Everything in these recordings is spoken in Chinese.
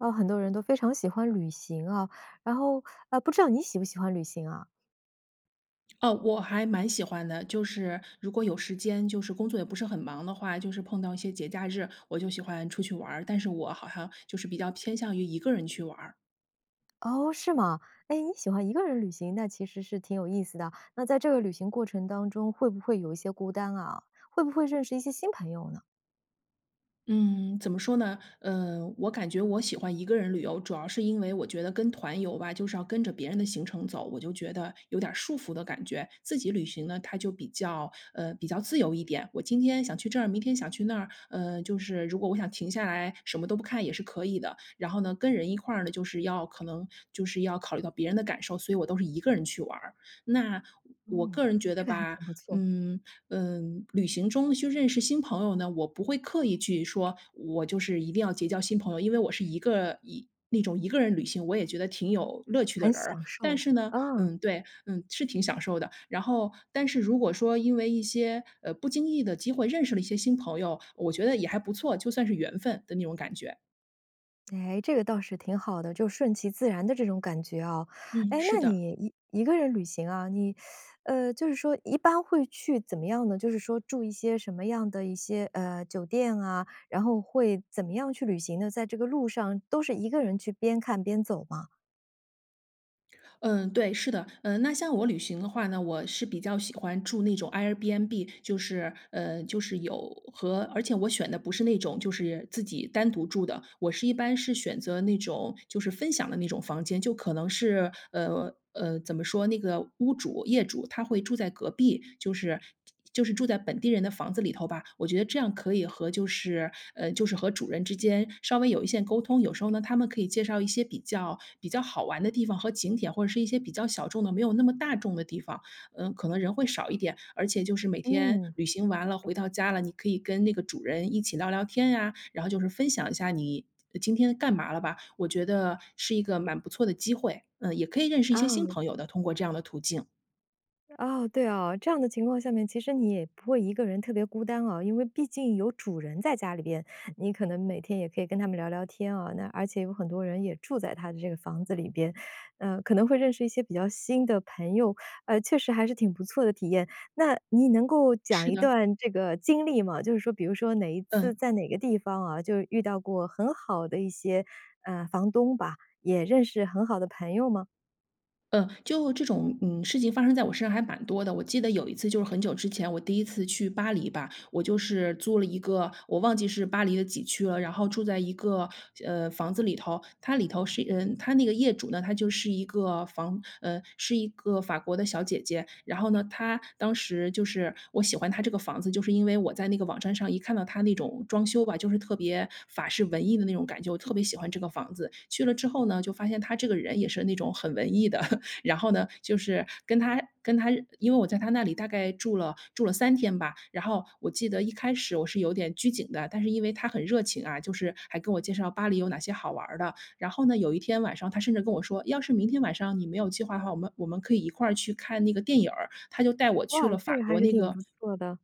啊，很多人都非常喜欢旅行啊，然后，啊，不知道你喜不喜欢旅行啊？哦，我还蛮喜欢的，就是如果有时间就是工作也不是很忙的话，就是碰到一些节假日，我就喜欢出去玩儿，但是我好像就是比较偏向于一个人去玩儿。哦，是吗？哎，你喜欢一个人旅行，那其实是挺有意思的，那在这个旅行过程当中会不会有一些孤单啊？会不会认识一些新朋友呢？嗯，怎么说呢？呃，我感觉我喜欢一个人旅游，主要是因为我觉得跟团游吧，就是要跟着别人的行程走，我就觉得有点儿束缚的感觉。自己旅行呢，它就比较呃，比较自由一点，我今天想去这儿，明天想去那儿，嗯，就是如果我想停下来什么都不看也是可以的，然后呢，跟人一块儿呢，就是要可能就是要考虑到别人的感受，所以我都是一个人去玩儿。那，我嗯，个人觉得这个还吧，挺不错。嗯，嗯，旅行中去认识新朋友呢，我不会刻意去说，我就是一定要结交新朋友，因为我是一个一那种一个人旅行，我也觉得挺有乐趣的很人儿，享但受。是呢嗯。嗯，对，嗯，是挺享受的，然后但是如果说因为一些，呃，不经意的机会认识了一些新朋友，我觉得也还不错，就算是缘分的那种感觉。哎，这个倒是挺好的，就顺其自然的这种感觉啊。嗯，诶，是那的。你一一个人旅行啊，你，呃，就是说一般会去怎么样呢？就是说住一些什么样的一些，呃，酒店啊，然后会怎么样去旅行呢？在这个路上都是一个人去边看边走吗？嗯，对，是的。嗯，那像我旅行的话呢，我是比较喜欢住那种 airbnb 就是呃，就是有和而且我选的不是那种就是自己单独住的，我是一般是选择那种就是分享的那种房间，就可能是，呃，呃，怎么说？那个屋主业主他会住在隔壁，就是就是住在本地人的房子里头吧，我觉得这样可以和就是呃，就是和主人之间稍微有一些沟通。有时候呢，他们可以介绍一些比较比较好玩的地方和景点，或者是一些比较小众的，没有那么大众的地方，呃，可能人会少一点。而且就是每天嗯，旅行完了，嗯。回到家了，你可以跟那个主人一起聊聊天呀，然后就是分享一下你今天干嘛了吧，我觉得是一个蛮不错的机会，嗯，也可以认识一些新啊。朋友的，通过这样的途径。哦，对啊，这样的情况下面其实你也不会一个人特别孤单啊。因为毕竟有主人在家里边，你可能每天也可以跟他们聊聊天啊，那而且有很多人也住在他的这个房子里边，呃，可能会认识一些比较新的朋友，呃，确实还是挺不错的体验。那你能够讲是一的。段这个经历吗？就是说比如说哪一次嗯。在哪个地方啊，就是遇到过很好的一些，呃，房东吧，也认识很好的朋友吗？呃，就这种，嗯，事情发生在我身上还蛮多的。我记得有一次就是很久之前，我第1次去巴黎吧，我就是租了一个我忘记是巴黎的几区了，然后住在一个呃，房子里头，它里头是嗯，它那个业主呢，她就是一个房呃，是一个法国的小姐姐。然后呢她当时就是我喜欢她这个房子，就是因为我在那个网站上一看到她那种装修吧，就是特别法式文艺的那种感觉，我特别喜欢这个房子。去了之后呢，就发现她这个人也是那种很文艺的，然后呢就是跟她跟她因为我在她那里大概住了住了3天吧。然后我记得一开始我是有点拘谨的，但是因为她很热情啊，就是还跟我介绍巴黎有哪些好玩儿的。然后呢，有一天晚上她甚至跟我说：“要是明天晚上你没有计划的话，我们我们可以一块儿去看那个电影儿。”她就带我去哇，了这法个还国是那挺个不错的。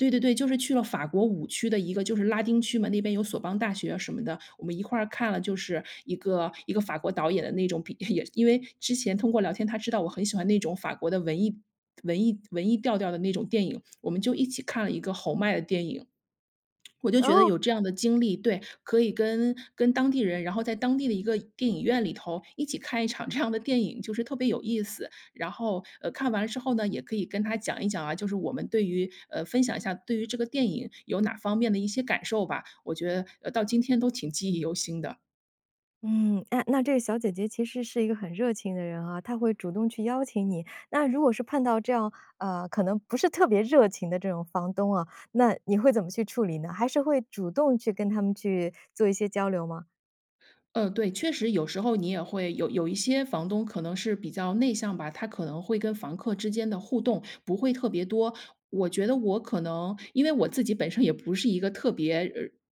对对对，就是去了法国五区的一个就是拉丁区嘛，那边有索邦大学啊什么的。我们一块儿看了，就是一个一个法国导演的那种比也因为之前通过聊天，她知道我很喜欢那种法国的文艺文艺文艺调调的那种电影，我们就一起看了一个侯麦的电影。我就觉得哦。有这样的经历对，可以跟跟当地人，然后在当地的一个电影院里头一起看一场这样的电影，就是特别有意思，然后呃，看完了之后呢，也可以跟她讲一讲啊，就是我们对于呃，分享一下对于这个电影有哪方面的一些感受吧，我觉得到今天都挺记忆犹新的。嗯，哎，那这个小姐姐其实是一个很热情的人啊，她会主动去邀请你。那如果是碰到这样，呃，可能不是特别热情的这种房东啊，那你会怎么去处理呢？还是会主动去跟他们去做一些交流吗？嗯，对，确实有时候你也会有有一些房东可能是比较内向吧，他可能会跟房客之间的互动不会特别多。我觉得我可能因为我自己本身也不是一个特别，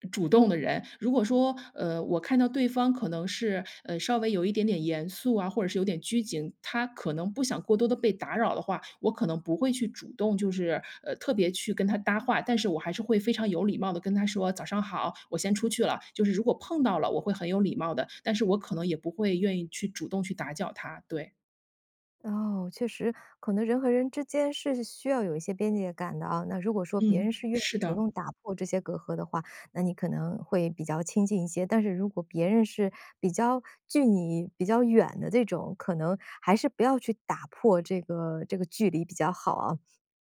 呃，主动的人，如果说，呃，我看到对方可能是，呃，稍微有一点点严肃啊，或者是有点拘谨，他可能不想过多地被打扰的话，我可能不会去主动就是，呃，特别去跟他搭话。但是我还是会非常有礼貌地跟他说：“早上好，我先出去了。”就是如果碰到了，我会很有礼貌的，但是我可能也不会愿意去主动去打搅他，对。哦，确实，可能人和人之间是需要有一些边界感的啊。那如果说别嗯，人是愿意是主的。动打破这些隔阂的话，那你可能会比较亲近一些。但是如果别人是比较距你比较远的这种，可能还是不要去打破这个这个距离比较好啊。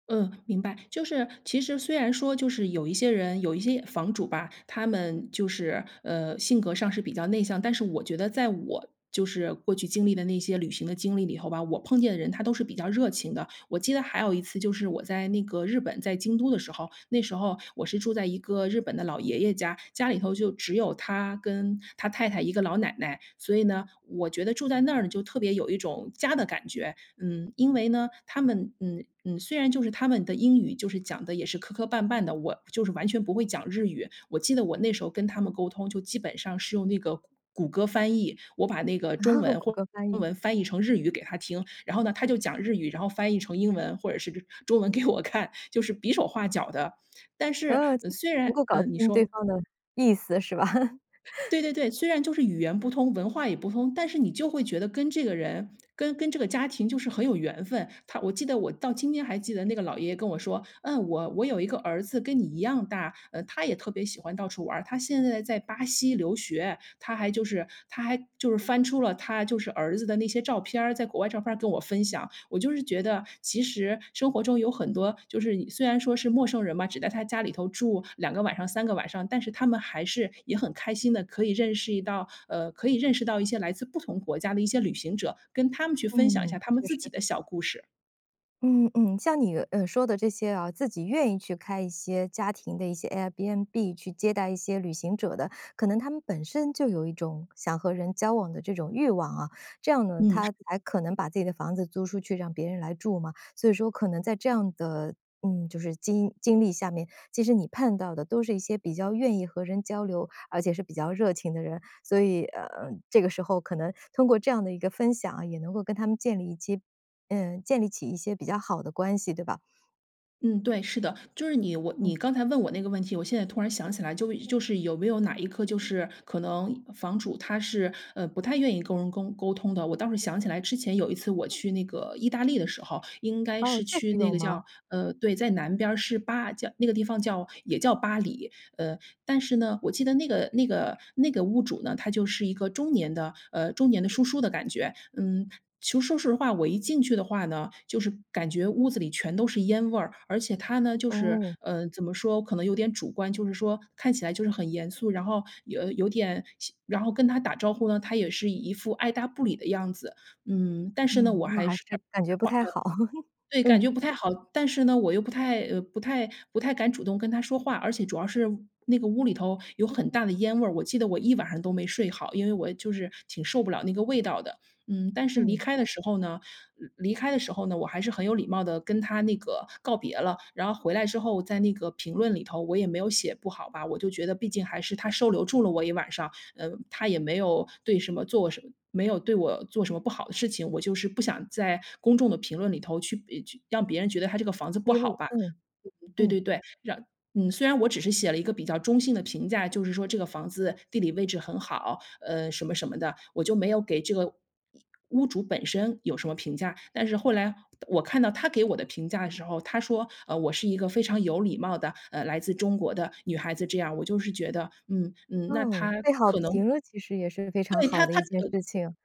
嗯，明白，就是其实虽然说就是有一些人有一些房主吧，他们就是，呃，性格上是比较内向，但是我觉得在我就是过去经历的那些旅行的经历里头吧，我碰见的人他都是比较热情的。我记得还有一次就是我在那个日本，在京都的时候，那时候我是住在一个日本的老爷爷家，家里头就只有他跟他太太一个老奶奶。所以呢，我觉得住在那儿呢就特别有一种家的感觉，嗯，因为呢，他们，嗯，嗯，虽然就是他们的英语就是讲得也是磕磕绊绊的，我就是完全不会讲日语。我记得我那时候跟他们沟通，就基本上是用那个谷谷歌翻译，我把那个中 文谷或者歌翻中译。文翻译成日语给他听，然后呢他就讲日语，然后翻译成英文或者是中文给我看，就是比手画脚地。但是嗯，就是虽能然够搞嗯，你清说。对方的意思是吧？对对对，虽然就是语言不通，文化也不通，但是你就会觉得跟这个人，跟跟这个家庭就是很有缘分。他我记得我到今天还记得那个老爷爷跟我说，嗯，我我有一个儿子跟你一样大，呃，他也特别喜欢到处玩儿，他现在在巴西留学。他还就是他还就是翻出了他就是儿子的那些照片儿，在国外的照片儿跟我分享，我就是觉得其实生活中有很多，就是你虽然说是陌生人嘛，只在他家里头住2个晚上、3个晚上，但是他们还是也很开心地，可以认识到，呃，可以认识到一些来自不同国家的一些旅行者，跟他们去分享一嗯，下他们确自己实。的小故事。嗯嗯。像你，呃，说的这些啊，自己愿意去开一些家庭的一些 Airbnb 去接待一些旅行者的，可能他们本身就有一种想和人交往的这种欲望啊。这样呢，嗯，他是。才可能把自己的房子租出去，让别人来住嘛。所以说可能在这样的，嗯，就是经经历下面，其实你看到的都是一些比较愿意和人交流，而且是比较热情的人。所以，呃，这个时候可能通过这样的一个分享啊，也能够跟他们建立一些呃，建立起一些比较好的关系，对吧？嗯，对，是的。就是你我你嗯。刚才问我那个问题，我现在突然想起来就就是有没有哪一个就是可能房主他是，呃，不太愿意跟人沟沟通的。我倒是想起来之前有一次我去那个意大利的时候，应该哦，是确去实那有个吗？叫呃，对，在南边儿，是巴叫那个地方叫也叫巴黎。呃，但是呢，我记得那个那个那个屋主呢，他就是一个中年的，呃，中年的叔叔的感觉。嗯，其实说实话，我一进去的话呢，就是感觉屋子里全都是烟味儿，而且他呢，就是，哦。呃，怎么说可能有点主观，就是说看起来就是很严肃。然后有有点然后跟他打招呼呢，他也是一副爱搭不理的样子。嗯，但是呢，嗯，我那还还是是感觉不太好，对，感嗯。觉不太好。但是呢，我又不太呃，不太不太敢主动跟他说话，而且主要是那个屋里头有很大的烟味儿。我记得我一晚上都没睡好，因为我就是挺受不了那个味道的。嗯，但是离嗯。开的时候呢离开的时候呢，我还是很有礼貌地跟他那个告别了。然后回来之后在那个评论里头，我也没有写不好吧。我就觉得毕竟还是他收留住了我一晚上，呃，他也没有对什么做什么没有对我做什么不好的事情。我就是不想在公众的评论里头去，呃，去让别人觉得他这个房子不披好露，吧。嗯，对嗯。对对，嗯，虽然我只是写了一个比较中性的评价，就是说这个房子地理位置很好，呃，什么什么的。我就没有给这个屋主本身有什么评价。但是后来我看到他给我的评价的时候，他说，呃，我是一个非常有礼貌的，呃，来自中国的女孩子这样儿，我就是觉得，嗯嗯，那他嗯，被好可能评了其实也是非常对，好他的他，一件呃事情。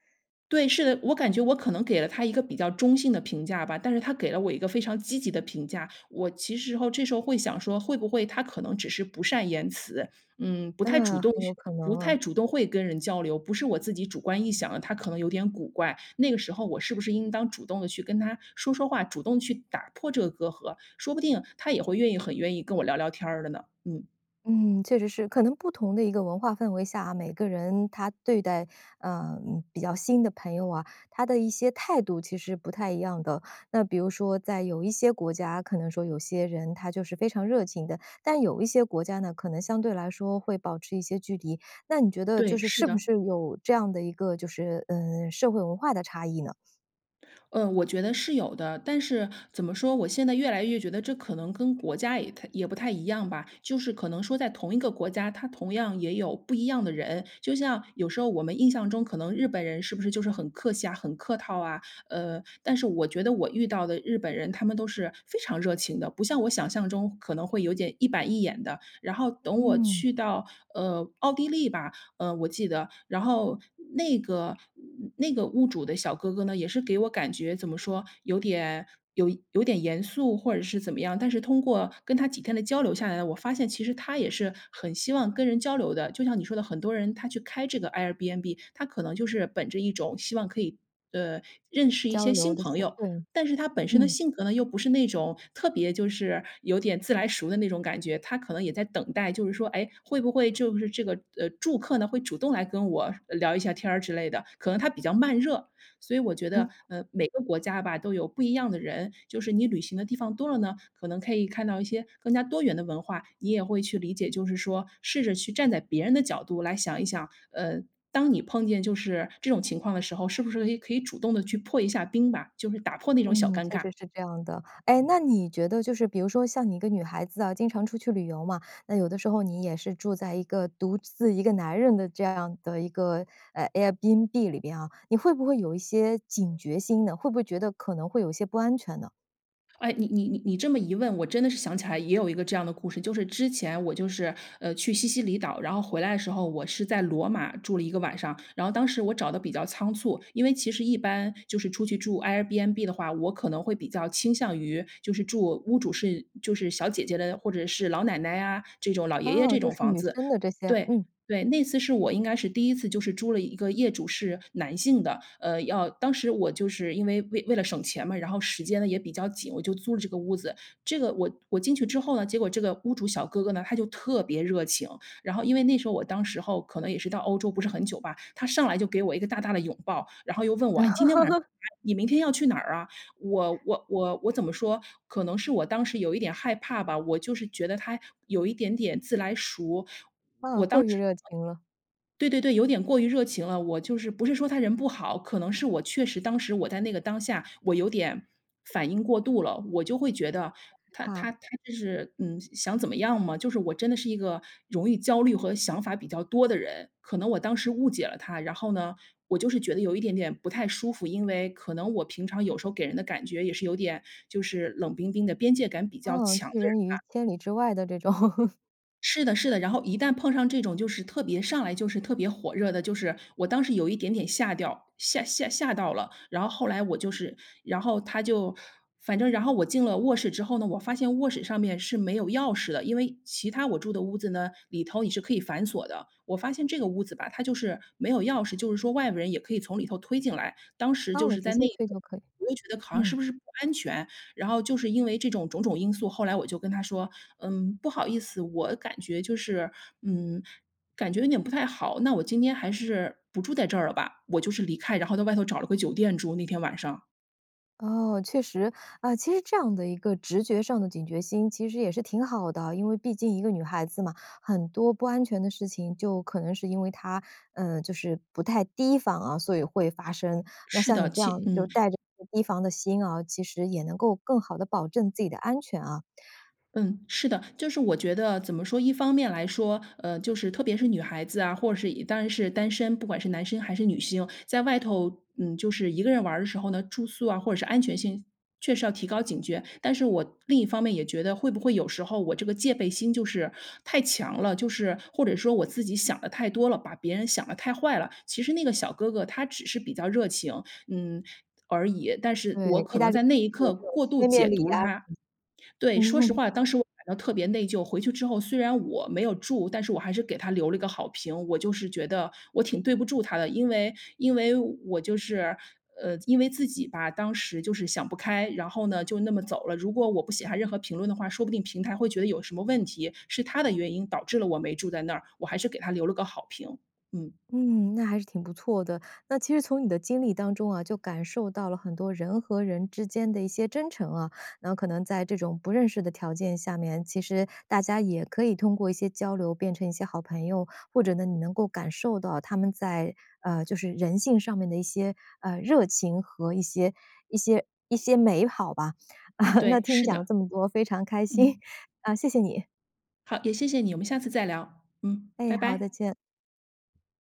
对，是的，我感觉我可能给了他一个比较中性的评价吧。但是他给了我一个非常积极的评价，我其实侯这时候会想说，会不会他可能只是不善言辞。嗯，不太主嗯，动很有去可能不太啊。主动会跟人交流。不是我自己主观臆想的，他可能有点古怪，那个时候我是不是应当主动地去跟他说说话，主动去打破这个隔阂。说不定他也会愿意很愿意跟我聊聊天儿的呢，嗯。嗯，确实是。可能不同的一个文化氛围下啊，每个人他对待，嗯，比较新的朋友啊，他的一些态度其实不太一样的。那比如说在有一些国家，可能说有些人他就是非常热情的，但有一些国家呢，可能相对来说会保持一些距离。那你觉得就对，是，是是不的。是有这样的一个就是，呃，社会文化的差异呢？呃，我觉得是有的，但是怎么说，我现在越来越觉得这可能跟国家也太也不太一样吧，就是可能说在同一个国家，它同样也有不一样的人。就像有时候我们印象中可能日本人是不是就是很客气啊，很客套啊，呃但是我觉得我遇到的日本人他们都是非常热情的，不像我想象中可能会有点一板一眼的，然后等我嗯。去到，呃奥地利吧，呃我记得，然后那个那个屋主的小哥哥呢，也是给我感觉怎么说有点有有点严肃或者是怎么样，但是通过跟他几天的交流下来呢，我发现其实他也是很希望跟人交流的，就像你说的很多人，他去开这个 Airbnb，他可能就是本着一种希望可以，呃认识一交些流新的朋是，友，对，但是他本身的嗯。性格呢，又不是那种特别就是有点自来熟的那种感觉，他可能也在等待，就是说，哎，会不会就是这个，呃住客呢，会主动来跟我聊一下天儿之类的，可能他比较慢热。所以我觉嗯。得，呃每个国家吧都有不一样的人，就是你旅行的地方多了呢，可能可以看到一些更加多元的文化，你也会去理解，就是说试着去站在别人的角度来想一想，呃当你碰见就是这种情况的时候，是不是，诶，可以主动地去破一下冰吧，就是打破那种小嗯，尴确尬。实是这样的，哎，那你觉得就是比如说像你一个女孩子啊，经常出去旅游嘛，那有的时候你也是住在一个独自一个男人的这样的一个，啊 Airbnb 里边啊，你会不会有一些警觉心呢？会不会觉得可能会有一些不安全呢？哎，你你你你这么一问，我真的是想起来也有一个这样的故事，就是之前我就是，呃，去西西里岛，然后回来的时候我是在罗马住了1个晚上，然后当时我找的比较仓促，因为其实一般就是出去住 Airbnb 的话，我可能会比较倾向于就是住屋主是就是小姐姐的，或者是老奶奶啊，这种老爷爷哦，这就种是房女子。生的这些，对嗯。对，那次是我应该是第1次就是租了一个业主是男性的。呃，要当时我就是因为为为了省钱嘛，然后时间呢也比较紧，我就租了这个屋子，这个我我进去之后呢，结果这个屋主小哥哥呢，他就特别热情，然后因为那时候我当时候可能也是到欧洲不是很久吧，他上来就给我一个大大的拥抱，然后又问我：“诶你今天晚上 你明天要去哪儿啊？”我我我我怎么说，可能是我当时有一点害怕吧，我就是觉得他有一点点自来熟，我当时啊，过于热情了。对对对，有点过于热情了，我就是不是说他人不好，可能是我确实当时我在那个当下我有点反应过度了，我就会觉得他怕。他他这是，嗯，想怎么样吗？就是我真的是一个容易焦虑和想法比较多的人，可能我当时误解了他，然后呢，我就是觉得有一点点不太舒服，因为可能我平常有时候给人的感觉也是有点就是冷冰冰的边界感比较嗯，强的拒人人于吧。千里之外的这种。是的是的，然后一旦碰上这种就是特别上来就是特别火热的，就是我当时有一点点吓掉吓吓吓到了，然后后来我就是，然后他就反正然后我进了卧室之后呢，我发现卧室上面是没有钥匙的，因为其它我住的屋子呢，里头也是可以反锁的。我发现这个屋子吧，它就是没有钥匙，就是说外部人也可以从里头推进来，当时就哦，是直在那接个退就可以，我就觉得好像是嗯。不是不安全。然后就是因为这种种种因素，后来我就跟他说：“嗯，不好意思，我感觉就是，嗯，感觉有点不太好，那我今天还是不住在这儿了吧。”我就是离开，然后在外头找了个酒店住，那天晚上。哦，确实，啊，其实这样的一个直觉上的警觉心其实也是挺好的。因为毕竟一个女孩子嘛，很多不安全的事情就可能是因为她，呃，就是不太提防啊，所以会发生，那是像的，你这样其就嗯。带着提防的心啊，其实也能够更好地保证自己的安全啊。嗯，是的，就是我觉得怎么说，一方面来说，呃就是特别是女孩子啊，或者是已当然是单身，不管是男生还是女性，在外头，嗯，就是一个人玩的时候呢，住宿啊，或者是安全性确实要提高警觉。但是我另一方面也觉得会不会有时候我这个戒备心就是太强了，就是或者说我自己想得太多了，把别人想得太坏了，其实那个小哥哥他只是比较热情，嗯，而已，但是对，我意可大能利在那就一是有刻这种过度贴面解礼读呀了他。什对，么。说实 话，当时我感到特别内疚，回去之后虽然我没有住，但是我还是给他留了一个好评。我就是觉得我挺对不住他的，因为因为我就是，呃，因为自己吧，当时就是想不开，然后呢，就那么走了，如果我不写下任何评论的话，说不定平台会觉得有什么问题，是他的原因导致了我没住在那儿，我还是给他留了个好评，嗯。嗯，那还是挺不错的，那其实从你的经历当中啊，就感受到了很多人和人之间的一些真诚啊，然后可能在这种不认识的条件下面，其实大家也可以通过一些交流变成一些好朋友，或者呢你能够感受到他们在，呃，就是人性上面的一些，呃，热情和一些一些一些美好吧。那对，听你是讲了的。这么多，非常开心，嗯。呃，谢谢你！好，也谢谢你，我们下次再聊，嗯，哎，拜好，再拜。见。